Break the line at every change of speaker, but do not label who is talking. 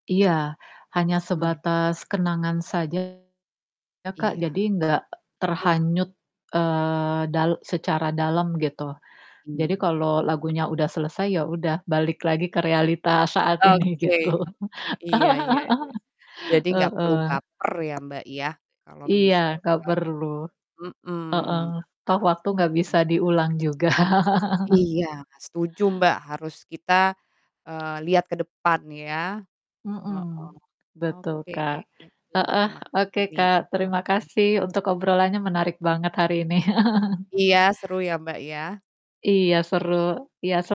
Iya, hanya
Mmm.
sebatas kenangan saja ya, Kak, jadi
Iya.
nggak
Hmm.
terhanyut, eee, dal secara dalam gitu. Jadi
Iya.
kalau lagunya udah selesai ya udah balik lagi ke realitas saat ini
Oke,
gitu.
iya iya iya. Jadi gak perlu
Heeh.
baper ya, Mbak, ya kalau
Iya gak
misalkan
perlu. Heeh,
mmm. Apa.
toh waktu gak bisa
[unintelligible]
diulang juga.
Iya setuju, Mbak, harus kita, eee, lihat ke depan ya. Heeh.
Mhm, betul,
Oke,
Kak.
aku
Heeh,
terima kasih
oke,
nih,
Kak,
obrolannya.
terima kasih untuk obrolannya, menarik banget hari ini.
Iya, seru ya, Mbak, ya
Iya seru, iya se